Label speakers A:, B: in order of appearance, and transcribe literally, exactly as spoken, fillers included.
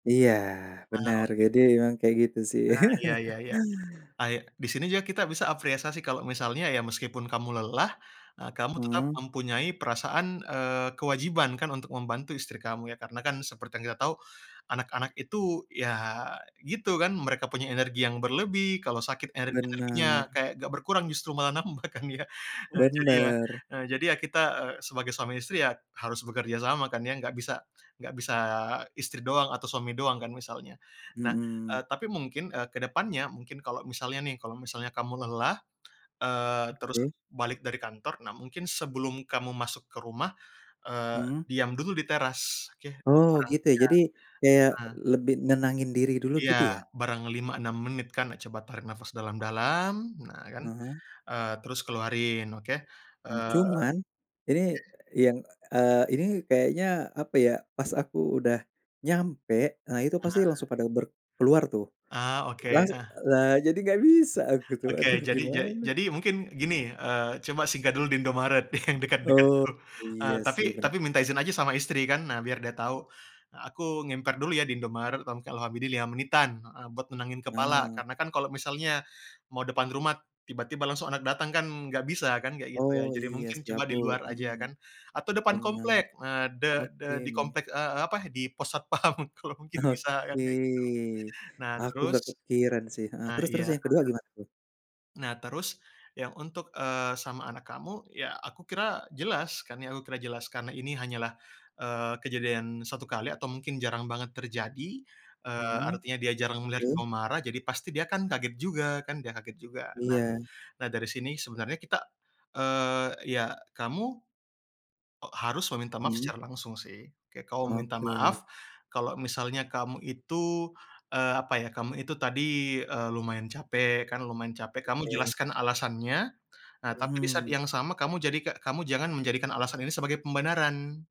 A: Iya,
B: Ah,
A: benar jadi
B: oke.
A: emang kayak gitu sih.
B: Nah, iya iya iya, kayak di sini juga kita bisa apreasasi kalau misalnya ya meskipun kamu lelah, eee, kamu tetap
A: Mhm.
B: mempunyai perasaan, eee, kewajiban kan untuk membantu istri kamu ya. Karena kan seperti yang kita tahu anak-anak itu ya gitu kan, mereka punya energi yang berlebih kalau sakit ener energinya
A: Benar.
B: kayak gak berkurang justru malah nambah kan ya. Nah, jadi ya
A: Benar.
B: jadi ya kita sebagai suami istri ya harus bekerja sama kan ya, gak bisa gak bisa istri doang atau suami doang kan misalnya. Nah, eee,
A: Mhm.
B: tapi mungkin, eee, ke depannya mungkin kalau misalnya nih, kalau misalnya kamu lelah terus,
A: Oke.
B: eee, balik dari kantor. Nah, mungkin sebelum kamu masuk ke rumah, eee,
A: Mmm.
B: diam dulu di teras, oke.
A: Oh
B: [unintelligible]
A: gitu ya, jadi kayak
B: Heeh.
A: lebih nenangin diri dulu
B: Iya
A: gitu ya?
B: barang lima, enam menit kan, coba tarik nafas dalam-dalam nah kan,
A: Ah hah.
B: eee, terus keluarin, oke, eee,
A: Cuman ini
B: oke.
A: yang, eee, ini kayaknya, apa ya, pas aku udah nyampe, nah itu pasti
B: Nah.
A: langsung pada ber keluar tuh.
B: Ah, oke,
A: Langsu
B: ah.
A: lah jadi gak bisa aku tuh
B: Oke,
A: aduh
B: jadi ja
A: gimana.
B: jadi mungkin gini, eee, coba singgah dulu di Indomaret yang dekat-dekat
A: Oh,
B: dulu,
A: iya
B: eee, tapi
A: sih bener.
B: tapi minta izin aja sama istri kan nah biar dia tau, "Aku ngemper dulu ya di Indomaret, kurang lebih ya lima menitan" heeh, "buat nenangin kepala."
A: Eee.
B: Karena kan kalo misalnya mau depan rumah tiba-tiba langsung anak datang kan, gak bisa kan, kayak gitu
A: Oh,
B: ya. Jadi
A: iya
B: mungkin
A: sih
B: coba di
A: aku
B: luar
A: mhm
B: aja
A: mhm.
B: kan, atau depan
A: Benar,
B: komplek nah de de
A: oke.
B: di komplek, eee, apa, di pos satpam kalau mungkin bisa kan
A: Oke,
B: kayak gitu. Nah
A: aku
B: terus
A: nggak kepikiran sih heeh,
B: ah,
A: terus-terus
B: iya.
A: yang kedua gimana tuh?
B: Nah, terus yang untuk, eee, sama anak kamu ya aku kira jelas kan ya, aku kira jelas karena ini hanyalah, eee, kejadian satu kali atau mungkin jarang banget terjadi, eee,
A: Mhm,
B: artinya dia jarang melihat
A: terus?
B: kamu marah, jadi pasti dia kan kaget juga kan, dia kaget juga.
A: Iya.
B: Nah, dari sini sebenarnya kita, eee, ya kamu harus meminta maaf
A: Mmm.
B: secara langsung sih, kayak kamu minta
A: Oke.
B: maaf kalau misalnya kamu itu, eee, apa ya, kamu itu tadi, eee, lumayan capek kan, lumayan capek kamu
A: Oke.
B: jelaskan alasannya. Nah, tapi di saat
A: Mhm.
B: yang sama kamu jadi ka kamu jangan menjadikan alasan ini sebagai pembenaran.